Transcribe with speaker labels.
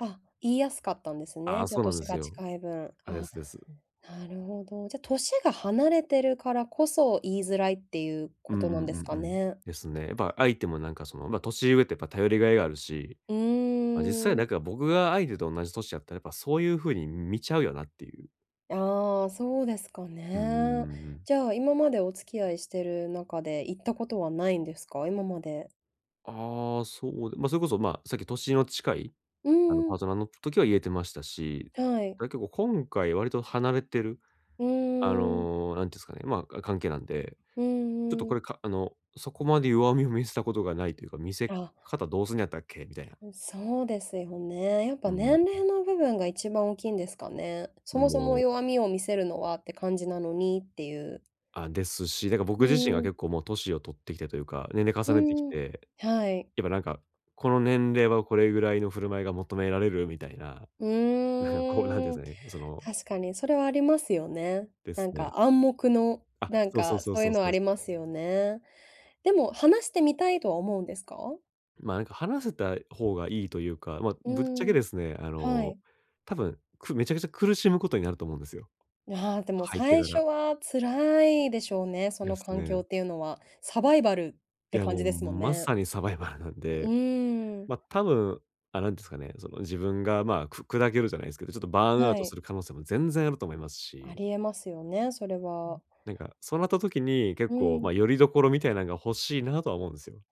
Speaker 1: あ、言いやすかったんです
Speaker 2: あ
Speaker 1: ね。
Speaker 2: あ、
Speaker 1: じゃ
Speaker 2: そ
Speaker 1: あ、
Speaker 2: うなんで
Speaker 1: 歳
Speaker 2: す
Speaker 1: が
Speaker 2: よ。
Speaker 1: 近い分。
Speaker 2: あ、で
Speaker 1: あ、
Speaker 2: すです、うん。
Speaker 1: なるほど。じゃ、歳が離れてるからこそ、言いづらいっていう
Speaker 2: う
Speaker 1: こ
Speaker 2: んう
Speaker 1: となんです
Speaker 2: ん
Speaker 1: か
Speaker 2: うんうん。
Speaker 1: ね？
Speaker 2: ですね。やっぱ相手もなんかその、ま、年上ってやっぱ頼りがいがあるし、
Speaker 1: う
Speaker 2: ま、実
Speaker 1: ー
Speaker 2: 際なん
Speaker 1: ん。
Speaker 2: か僕が相手と同じ歳やったら、やっぱそういう風に見ちゃうよなっていう。
Speaker 1: ああ、そうですか
Speaker 2: うん-うんう
Speaker 1: ね。
Speaker 2: んうん。
Speaker 1: じゃあ、今までお付き合いしてる中で、言ったことはないんですか？今まで。
Speaker 2: ああ、そうでま、それこそ、ま、さっき歳の近い、
Speaker 1: う
Speaker 2: あの、
Speaker 1: んう
Speaker 2: パー
Speaker 1: ん。
Speaker 2: トナーの時は言えてましたし、
Speaker 1: はい。
Speaker 2: だけお今回割と離れてる
Speaker 1: う
Speaker 2: あ
Speaker 1: ーん。
Speaker 2: の、なんていうんすかね、ま、あ、関係なんで、
Speaker 1: う
Speaker 2: ちょっと
Speaker 1: んう
Speaker 2: こ
Speaker 1: ん。
Speaker 2: れかあの、そこまで弱みを見せたことがないというか、見せ
Speaker 1: あ。
Speaker 2: 方どうすんやったっけみたいな。
Speaker 1: うん、そうですよね。やっぱ
Speaker 2: うんうん、うん。
Speaker 1: 年齢の部分が一番大きいんですかね。そ
Speaker 2: う、
Speaker 1: もそも
Speaker 2: もう。
Speaker 1: 弱みを見せるのはって感じなのにっていう。
Speaker 2: あ、ですし、だか僕
Speaker 1: う
Speaker 2: 自身が
Speaker 1: ん。
Speaker 2: 結構もう年を取ってきてというか、年齢
Speaker 1: う
Speaker 2: 重ねてき
Speaker 1: ん、
Speaker 2: て、
Speaker 1: はい。
Speaker 2: やっぱなんか、この年齢はこれぐらいの振る舞いが求められるみたいな、
Speaker 1: う
Speaker 2: なか、こうなんて言うん
Speaker 1: ー
Speaker 2: す
Speaker 1: ん。
Speaker 2: かね、その
Speaker 1: 確かにそれはありますよね。
Speaker 2: で
Speaker 1: なん
Speaker 2: すね。
Speaker 1: か暗黙の、
Speaker 2: あ、
Speaker 1: なん
Speaker 2: そうそう
Speaker 1: か
Speaker 2: そう
Speaker 1: そういう
Speaker 2: そう
Speaker 1: のは
Speaker 2: そ
Speaker 1: あ
Speaker 2: うす。
Speaker 1: りますよね。でも、話してみたいとは思うんですか？
Speaker 2: ま、なんか話せた方がいいというか、ま、
Speaker 1: う
Speaker 2: ぶっちゃけ
Speaker 1: ん、
Speaker 2: ですね、あ
Speaker 1: は
Speaker 2: の、
Speaker 1: い。
Speaker 2: 多分、くめちゃくちゃ苦しむことになると思うんですよ。
Speaker 1: ね、はあ、でも
Speaker 2: 入って
Speaker 1: 最
Speaker 2: か
Speaker 1: 初
Speaker 2: ら。
Speaker 1: は辛いでしょうね、そ
Speaker 2: で
Speaker 1: の
Speaker 2: す
Speaker 1: 環
Speaker 2: ね。う
Speaker 1: 境っ
Speaker 2: ん。
Speaker 1: ていうのは。サバイバルっ
Speaker 2: い
Speaker 1: て
Speaker 2: や、
Speaker 1: 感
Speaker 2: も
Speaker 1: じ
Speaker 2: う
Speaker 1: ですもん
Speaker 2: ま
Speaker 1: ね。
Speaker 2: さにサバイバルなん
Speaker 1: う
Speaker 2: で。
Speaker 1: ん。
Speaker 2: ま、多分、あ、なんですかね、その、自分が、ま、く砕けるじゃないすけど、ちょっとバーンアウ
Speaker 1: は
Speaker 2: トす
Speaker 1: い。
Speaker 2: る可能性も全然あると思います
Speaker 1: あ
Speaker 2: し。
Speaker 1: りえますよね、それ
Speaker 2: う
Speaker 1: は
Speaker 2: ん、なんかそうなった時に、結
Speaker 1: う
Speaker 2: 構、ま、
Speaker 1: ん。
Speaker 2: 拠り所みたいなんが欲しいなとは思うんすよ。